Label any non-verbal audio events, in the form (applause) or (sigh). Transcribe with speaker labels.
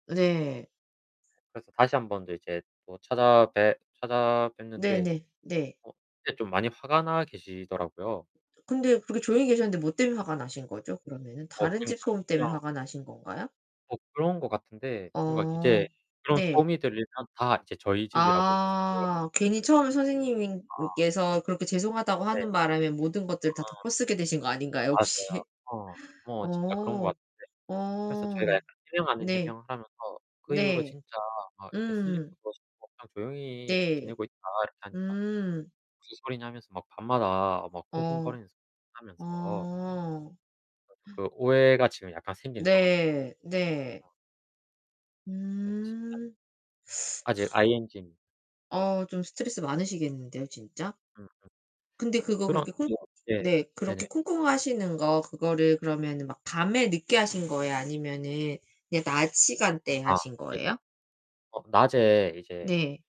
Speaker 1: 네.
Speaker 2: 그래서 다시 한번 더 인제 더 찾아뵈 찾아뵀는데
Speaker 1: 네네. 네.
Speaker 2: 어 그때 좀 많이 화가 나 계시더라고요.
Speaker 1: 근데 그렇게 조용히 계셨는데 뭐 때문에 화가 나신 거죠? 그러면은
Speaker 2: 어
Speaker 1: 다른 집
Speaker 2: 그러니까요.
Speaker 1: 소음 때문에
Speaker 2: 그냥
Speaker 1: 화가 나신 건가요?
Speaker 2: 뭐, 그런 것 같은데 뭔가 이제
Speaker 1: 어
Speaker 2: 그런
Speaker 1: 네.
Speaker 2: 소음이 들리면 다 이제 저희 집이라고 이제
Speaker 1: 아 괜히
Speaker 2: (unintelligible)
Speaker 1: 처음에
Speaker 2: 아.
Speaker 1: 선생님께서 그렇게 죄송하다고
Speaker 2: 네.
Speaker 1: 하는 바람에 모든 것들을 다
Speaker 2: 아.
Speaker 1: 덮어쓰게 되신 거 아닌가요,
Speaker 2: 맞아요.
Speaker 1: 혹시?
Speaker 2: 어. 어. 진짜 그런 것
Speaker 1: 어
Speaker 2: 같은데. 그래서
Speaker 1: 어
Speaker 2: 저희가 해명 아닌
Speaker 1: 네.
Speaker 2: 해명을 하면서 "그 이후로
Speaker 1: 네
Speaker 2: 진짜 아 이렇게 슬리퍼
Speaker 1: 음.
Speaker 2: 신고 그냥 조용히
Speaker 1: 네.
Speaker 2: 지내고 있다." 이렇게 하니까.
Speaker 1: 음.
Speaker 2: 무슨 소리냐 하면서 막 밤마다 막
Speaker 1: 어.
Speaker 2: 쿵쿵거리는 소리 하면서
Speaker 1: 어.
Speaker 2: (unintelligible)
Speaker 1: (gasps)
Speaker 2: 그 오해가 지금 약간 생긴 상황이거든요.
Speaker 1: 네. 네.
Speaker 2: (unintelligible)
Speaker 1: 음.
Speaker 2: 아직
Speaker 1: (sucks teeth) (sighs)
Speaker 2: ING.
Speaker 1: 어 좀 스트레스 많으시겠는데요 진짜?
Speaker 2: 음음.
Speaker 1: 근데
Speaker 2: 이제
Speaker 1: 그거
Speaker 2: 그런
Speaker 1: 그렇게 쿵
Speaker 2: 예 네.
Speaker 1: 네.
Speaker 2: 네네.
Speaker 1: 그렇게 쿵쿵하시는거 그거를 그러면은 막 밤에 늦게 하신 거예요? 아니면은 그냥 낮시간대에
Speaker 2: 아
Speaker 1: 하신
Speaker 2: 예.
Speaker 1: 거예요?
Speaker 2: 어, 낮에 이제
Speaker 1: 네.